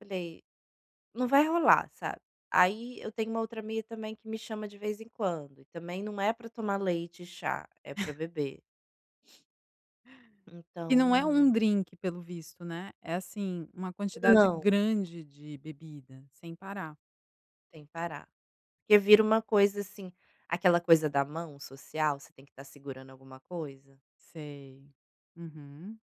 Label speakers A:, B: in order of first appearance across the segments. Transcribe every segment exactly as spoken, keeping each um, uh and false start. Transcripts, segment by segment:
A: Falei: "Não vai rolar", sabe, aí eu tenho uma outra amiga também que me chama de vez em quando e também não é para tomar leite e chá, é para beber.
B: E não é um
A: Então.
B: drinque pelo visto, né, é assim uma quantidade
A: Não.
B: grande de bebida, sem parar.
A: Sem parar, porque vira uma coisa, assim, aquela coisa da mão social você tem que estar segurando alguma coisa.
B: Sei, uhum.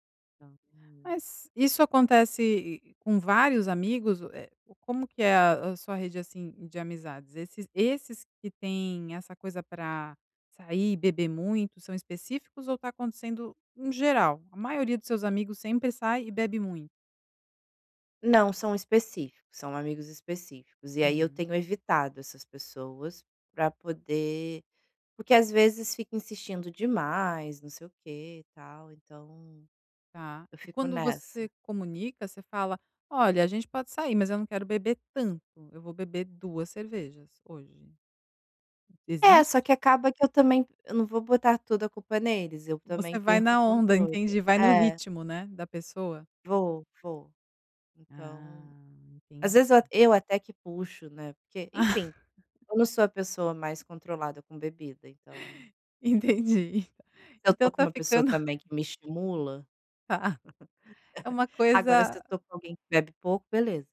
A: Então, hum.
B: Mas isso acontece com vários amigos, eh, como que é a a sua rede assim de amizades? Esses esses que têm essa coisa para sair e beber muito são específicos ou está acontecendo em geral? A maioria dos seus amigos sempre sai e bebe muito?
A: Não, são específicos, são amigos específicos, e aí eu
B: Hum.
A: tenho evitado essas pessoas para poder porque às vezes fica insistindo demais, não sei o que e tal, então
B: Tá.
A: eu
B: E
A: fico
B: quando
A: nessa.
B: você comunica você fala: "Olha a gente pode sair, mas eu não quero beber tanto, eu vou beber Duas cervejas hoje."
A: É, só
B: Existe?
A: que acaba que eu também eu não vou botar toda a culpa neles, eu
B: Você
A: também
B: vai
A: perco o
B: na onda,
A: controle.
B: entendi, vai no
A: É.
B: ritmo, né, da pessoa?
A: Vou, vou.
B: Ah
A: Então, às
B: entendi.
A: vezes eu eu até que puxo, né, porque, enfim, eu não sou a pessoa mais controlada com bebida, então.
B: Entendi,
A: Se eu
B: então
A: estou com
B: tá
A: uma pessoa
B: ficando
A: também que me estimula.
B: Tá. É uma
A: Agora se eu
B: coisa.
A: estou com alguém que bebe pouco, beleza.